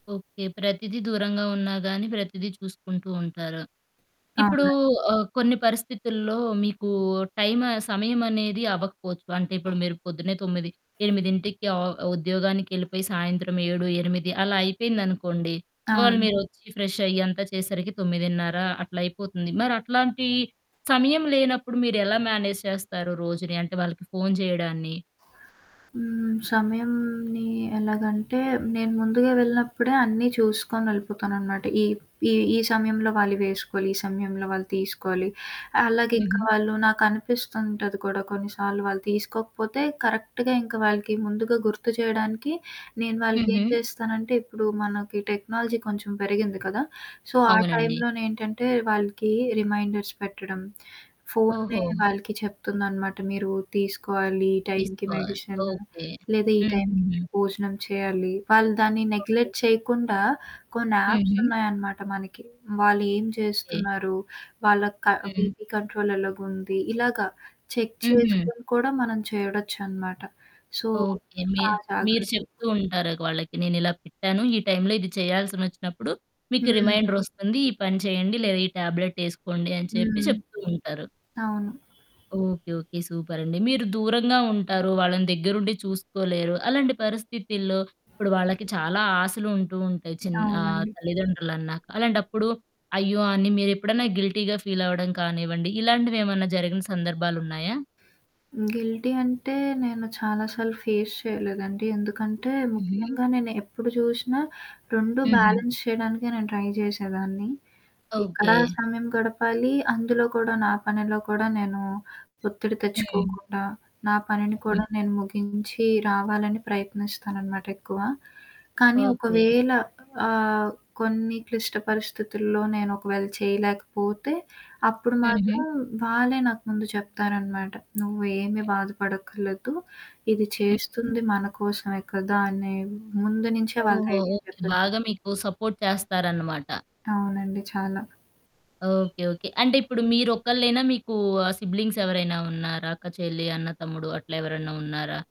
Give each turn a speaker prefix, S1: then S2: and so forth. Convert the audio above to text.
S1: Okay. ప్రతీదీ దూరంగా ఉన్నా గాని ప్రతీదీ చూసుకుంటూ ఉంటారు. ఇప్పుడు
S2: అవునండి.
S1: ఆహ్, కొన్ని పరిస్థితుల్లో మీకు టైం సమయం అనేది అవ్వకపోవచ్చు. అంటే ఇప్పుడు మీరు పొద్దున్నే 9, 8కి ఆ ఉద్యోగానికెళ్ళిపోయి సాయంత్రం 7, 8 అలా అయిపోయిందనుకోండి. వాళ్ళ
S2: అవును.
S1: మీరొచ్చి ఫ్రెషయ్యి అంతా చేసేసరికి 9:30 అట్లా అయిపోతుంది. మరి అట్లాంటి సమయం లేనప్పుడు మీరెలా మ్యానేజ్ చేస్తారు రోజుని? అంటే వాళ్ళకి ఫోను చేయడాన్ని?
S2: హ్మ్. సమయంని ఎలాగంటే నేను ముందుగా వెళ్ళినప్పుడే అన్నీ చూసుకొనెళ్ళిపోతాననమాట. ఈ ఈ ఈ సమయంలో వాళ్ళివేసుకోవాలి, ఈ సమయంలో వాళ్ళు తీసుకోవాలి, అలాగే ఇంకా
S1: హుహు.
S2: వాళ్ళు నాకనిపిస్తుంటది కూడా కొన్నిసార్లు వాళ్ళు తీసుకోకపోతే కరెక్ట్‌గా ఇంకా వాళ్ళకి ముందుగా గుర్తు జేయడానికి నేను వాళ్ళకేం
S1: హుహు.
S2: జేస్తానంటే ఇప్పుడు మనకి టెక్నాలజీ కొంచెం పెరిగింది కదా! సో, ఆ
S1: అవునండి.
S2: టైంలోనేంటంటే వాళ్ళకి రిమైండర్స్ పెట్టడం. ఫోనే
S1: ఓహో!
S2: వాళ్ళకి చెప్తుందనమాట. మీరు తీసుకోవాలి ఈ టైం‌కి
S1: తీసుకోవాలి
S2: మెడిషను
S1: ఓకే.
S2: లేదా ఈ టైం‌కి
S1: హుహుహు.
S2: మీరు భోజనం చేయాలి. వాళ్ళు దాన్ని
S1: ఓకే.
S2: నెగ్లెట్ చేయకుండా కొన్ని యాప్స్
S1: హుహు.
S2: ఉన్నాయనమాట మనకి. వాళ్ళు ఏం
S1: హ్మ్.
S2: చేస్తున్నారు? వాళ్ళకి క
S1: హ్మ్.
S2: బీపి కంట్రోల్ ఎలాగుంది. ఇలాగ చెక్
S1: హుహు.
S2: చేసుకొని కూడా మనం చూడొచ్చనమాట. So,
S1: okay. మీ
S2: ఆ
S1: మీరు
S2: జాగ్రత్తలు
S1: చెప్తూ ఉంటారు ఇగ వాళ్ళకి నేనిలా పెట్టాను. ఈ టైం‌లో ఇది చేయాల్సినొచ్చినప్పుడు. మీకు
S2: హ్మ్.
S1: రిమైండర్ ఒస్తుంది. ఈ పని చేయండి లేదా ఈ ట్యాబ్లెట్ ఏసుకోండి అని చెప్పి
S2: హ్మ్.
S1: చెప్తూ ఉంటారు.
S2: అవును.
S1: ఓకే. ఓకే. సూపరండి. మీరు దూరంగా ఉంటారు. వాళ్ళని దగ్గరుండి చూసుకోలేరు. అలాంటి పరిస్థితుల్లో ఇప్పుడు వాళ్ళకి చాలా ఆశలుంటూ ఉంటాయి. చిన్ ఆహ్,
S2: అవునండి.
S1: తల్లిదండ్రులన్నాక. అలాంటప్పుడు అయ్యో! అన్ని మీరెప్పుడన్నా గిల్టీ‌గా ఫీలవ్వడం కానివ్వండి, ఇలాంటివేమన్నా జరిగిన సందర్భాలున్నాయా?
S2: హ్మ్. గిల్టీ అంటే నేను చాలా సార్లు ఫేస్ చేయలేదండి. ఎందుకంటే
S1: హుహు.
S2: ముఖ్యంగా నేను ఎప్పుడు చూశినా రెండూ
S1: హుహు.
S2: బ్యాలెన్స్ చేయడానికే నేను ట్రై జేశేదాన్ని. ఇక్కడా
S1: ఓకే.
S2: సమయం గడపాలి. అందులో కూడా నా పనిలో కూడా నేను ఒత్తిడి
S1: హ్మ్.
S2: తెచ్చుకోకుండా నా పనిని
S1: హుహు.
S2: కూడా నేను ముగించి రావాలని ప్రయత్నిస్తాననమాట ఎక్కువ. కానీ
S1: ఓకే.
S2: ఒకవేళ ఆహ్, కొన్ని క్లిష్ట పరిస్థితుల్లో నేను ఒకవేళ చేయలేకపోతే, అప్పుడు
S1: హుహు.
S2: మాత్రం వాళ్ళే నాకు ముందు చెప్తారనమాట. నువ్వేమి
S1: హ్మ్.
S2: బాధపడక్కరలేదు. ఇది
S1: హుహు.
S2: చేస్తుంది మన కోసమే కదా! అని ముందు నుంచే వాళ్ళ
S1: ఓహో!
S2: దైర్యం
S1: ఓకే.
S2: చెప్పేస్తరు.
S1: బాగా మీకు సపోర్ట్ చేస్తారనమాట.
S2: అవునండి. చాలా.
S1: ఓకే. ఓకే. అంటే ఇప్పుడు మీరొక్కళ్ళేనా? మీకు సిబ్లింగ్స్ ఎవరైనా ఉన్నారా? అక్క, చెల్లి, అన్న, తమ్ముడు అట్లెవరన్నా ఉన్నారా?